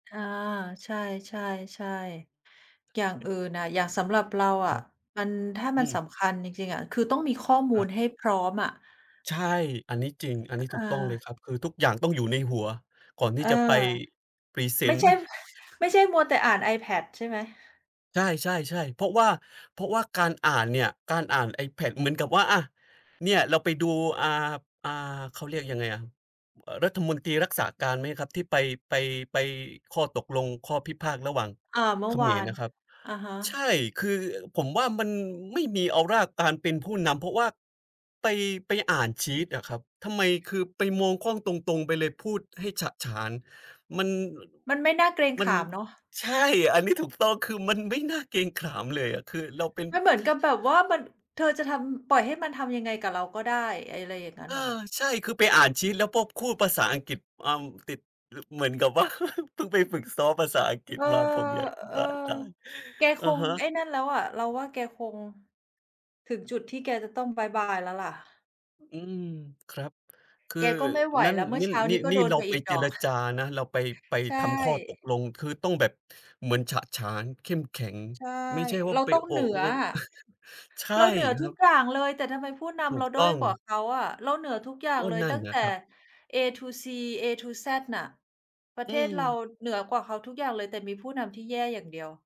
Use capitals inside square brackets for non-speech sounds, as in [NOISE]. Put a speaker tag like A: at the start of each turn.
A: ค่ะ ใช่ ๆ ๆ อย่างอื่นน่ะ อย่างสำหรับเราอ
B: คร
A: ะ
B: ับ
A: มัน ถ้า
B: อ
A: ม
B: ื
A: ันส
B: ม
A: ำคัญจริง ๆ อะ คือต้องมีข้อม
B: ค
A: ู
B: รั
A: ล
B: บ
A: ให้พร้อมอะ
B: ใช่ อันนี้จริง อันนี้ถ
A: เ
B: ูกต้องเลย
A: ออ
B: ครับ คือทุกอย่างต้องอยู่ในหัว ก่อนที
A: เ
B: ่
A: ออ
B: จะไปพรีเซ
A: ไม่
B: นต
A: ใ
B: ์
A: ช่
B: [CHUCKLES]
A: ไม่ใช่มัวแต่อ่าน iPad ใช่ไหม?
B: ใช่ ๆ ๆ เพราะว่า เพราะว่าการอ่านเนี่ย การอ่าน iPad เหมือนกับว่า อt เนี่ย เราไปดู อ่า อ่า เขาเรียกยังไงอะ รัฐมนตรีรักษาการไหมครับ? ที่ไป ไป ไปข้อตกลง ข้อพิพาทระหว่าง
A: อา เม
B: เ
A: ื
B: ข
A: ่อว
B: ม
A: า
B: ร
A: น
B: น่ะครับ
A: อะฮ
B: ใช
A: ะ
B: ่ คือผมว่า มันไม่มีออราการเป็นผู้นำ เพราะว่าไป ไปอ่านชีตอะครับ ทำไม คือไปมองกล้องตรง ๆ ไปเลย พูดให้ฉะฉาน มัน
A: มันไม่น่าเกรง
B: มั
A: ข
B: น
A: ามเนาะ
B: ใช่ อันนี้ถูกต้อง คือมันไม่น่าเกรงขามเลยอะ คือเราเป็น
A: มันเหมือนกับแบบว่ามัน เธอจะทำ อืม ปล่อยให้มันทำยังไงกับเราก็ได้ อะไรอย่างงั
B: เ
A: ้
B: อ
A: น
B: อ
A: เหรอ?
B: ใช่ คือไปอ่านชีตแล้วก็พูดภาษาอังกฤษ เอ่อ ติด เหมือนกับ ว่า [CHUCKLES] เพิ่งไปฝึกซ้อมภาษาอังกฤ
A: เ
B: ษ
A: ออ
B: มา ผมอยากจะ
A: เอ
B: บ
A: อ
B: ้าตาย
A: แก
B: อ
A: ค
B: ะ
A: ง
B: ฮะ
A: ไอ้นั่นแล้วอะ เราว่า แกคง ถึงจุดที่แกจะต้องบ๊ายบายแล้วล่ะ
B: อ อืม ครับ คือ
A: แกก็ไม่ไหว
B: นั่น
A: แล้ว เมื่
B: น
A: อ
B: ี่
A: เช้า
B: นี
A: น
B: ่
A: ี้ก็
B: นี่
A: โด
B: เ
A: น
B: รา
A: ไป
B: ไป
A: อีก
B: เ
A: ด
B: จ
A: อ
B: ร
A: ก
B: จานะ เราไป ไป
A: ใช
B: ทำข้อตก
A: ่
B: ลง คือต้องแบบเหมือนฉะฉาน เข้มแข็ง
A: ใช่
B: ไม่ใช่ว่
A: เ
B: า
A: รา
B: ไป
A: ต้อง
B: โอ
A: เหนื
B: ะ โอ
A: ออะ
B: [CHUCKLES] ใช่
A: เราเหนือ
B: ค
A: ท
B: ร
A: ุ
B: ั
A: ก
B: บ
A: อย่างเลย แต่ทำไมผู้น
B: ถู
A: ำเร
B: ก
A: าด้
B: ต
A: อ
B: ้
A: ย
B: อง
A: กว่าเขาอะ เราเหนือทุกอย่า
B: ก
A: ง
B: ็
A: เลย
B: นั
A: ต
B: ่น
A: ั้ง
B: น่
A: แต
B: ะ
A: ่
B: ครับ
A: A to Z A to Z น่ะ ประ
B: อ
A: เ
B: ื
A: ทศเรา
B: ม
A: เหนือกว่าเขาทุกอย่างเลย แต่มีผู้นำที่แย่อย่างเดียว